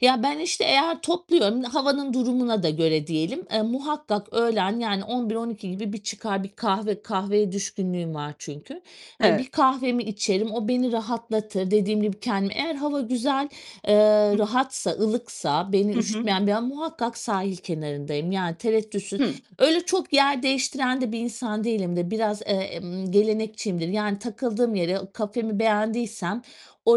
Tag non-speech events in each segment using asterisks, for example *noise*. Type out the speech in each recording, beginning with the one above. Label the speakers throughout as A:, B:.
A: Ya, ben, işte, eğer topluyorum, havanın durumuna da göre diyelim, eee, muhakkak öğlen, yani, 11-12 gibi bir çıkar bir kahve kahveye düşkünlüğüm var çünkü. Eee,
B: E
A: bir kahvemi içerim, o beni rahatlatır. Dediğim gibi kendimi Eğer hava güzel, eee,
B: Hı.
A: rahatsa, ılıksa beni
B: Hı hı.
A: üşütmeyen bir a muhakkak sahil kenarındayım. Yani tereddütsüz.
B: Hıı.
A: Öyle çok yer değiştiren de bir insan değilimdir. Biraz, eee, emm, gelenekçiyimdir. Yani takıldığım yere, kafemi beğendiysem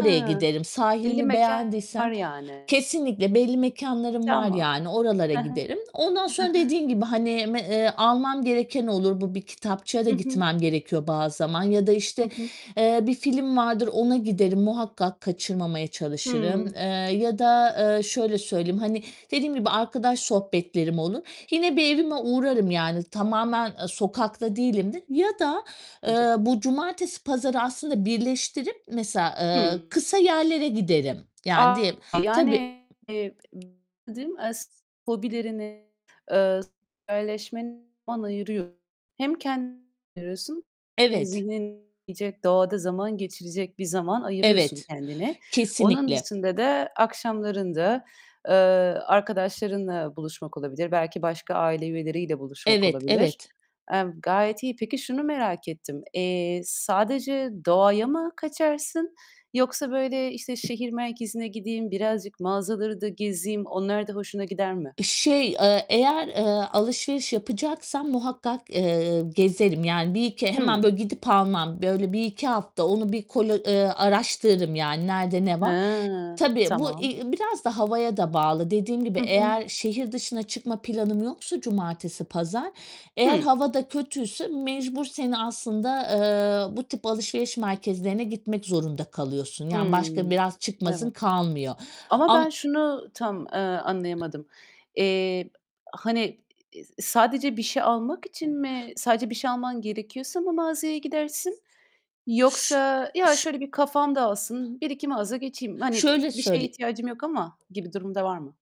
B: He.
A: giderim.
B: Belli
A: Sahilimi
B: mekânlar
A: beğendiysem
B: yani.
A: Kesinlikle. Belli mekânlarım var
B: Tamam.
A: yani, oralara
B: Hı hı.
A: giderim. Ondan
B: Hı
A: sonra
B: hı.
A: dediğin gibi, hani, me eee, almam gereken olur. Bu bir kitapçıya da
B: Hı hı.
A: gitmem gerekiyor bazı zaman. Ya da,
B: Hı
A: işte,
B: hı.
A: eee, bir film vardır, ona giderim. Muhakkak kaçırmamaya çalışırım. Eee,
B: Hımm.
A: ya da, eee, şöyle söyleyeyim: Hani dediğim gibi arkadaş sohbetlerim olur, yine bir evime uğrarım yani tamamen, eee, sokakta değilimdir. Ya da, eee,
B: *unintelligible*
A: bu cumartesi pazarı aslında birleştirip mesela, ııı,
B: Hımm.
A: kısa yerlere giderim. Yani
B: A!
A: diyelim Tabii.
B: Yani, eee, *unintelligible* as hobilerine, eee, sosyalleşmene zaman ayırıyorsun. Hem kendine *unintelligible* ayırıyorsun hem
A: Evet.
B: zihnin *unintelligible* doğada zaman geçirecek bir zaman ayırıyorsun
A: Evet,
B: kendine. Onun
A: kesinlikle.
B: dışında da akşamlarında, eee, arkadaşlarınla buluşmak olabilir, belki başka aile üyeleriyle buluşmak
A: Evet,
B: olabilir.
A: evet.
B: Emm, gayet iyi. Peki, şunu merak ettim: Eee, sadece doğaya mı kaçarsın yoksa, böyle, işte, "Şehir merkezine gideyim, birazcık mağazaları da gezeyim." onlar da hoşuna gider mi?
A: Iıı, şey, eee, eğer, eee, alışveriş yapacaksam muhakkak, eee, gezerim. Yani bir iki Hemen,
B: Hıı.
A: böyle, gidip almam. Böyle 1-2 hafta onu bir kolo eee, araştırırım yani, nerede ne var?
B: He!
A: Tabii, bu, i
B: Tamam.
A: i biraz da havaya da bağlı. Dediğim gibi
B: Hı hı.
A: eğer şehir dışına çıkma planım yoksa cumartesi pazar, eğer
B: Hı.
A: hava da kötüyse mecbur seni aslında, eee, bu tip alışveriş merkezlerine gitmek zorunda kalıyorsun. Yani
B: Hıı,
A: başka biraz çıkmazın
B: evet.
A: kalmıyor.
B: Ama
A: Am
B: ben şunu tam, eee, anlayamadım. Eee, hani, i i sadece bir şey almak için mi sadece bir şey alman gerekiyorsa mı mağazaya gidersin
A: Ş
B: yoksa,
A: ş
B: "Ya, şöyle bir kafam dağılsın, 1-2 mağaza geçeyim. Hani, e
A: Şöyle
B: bir şeye
A: söyle
B: ihtiyacım yok ama." gibi durum da var mı?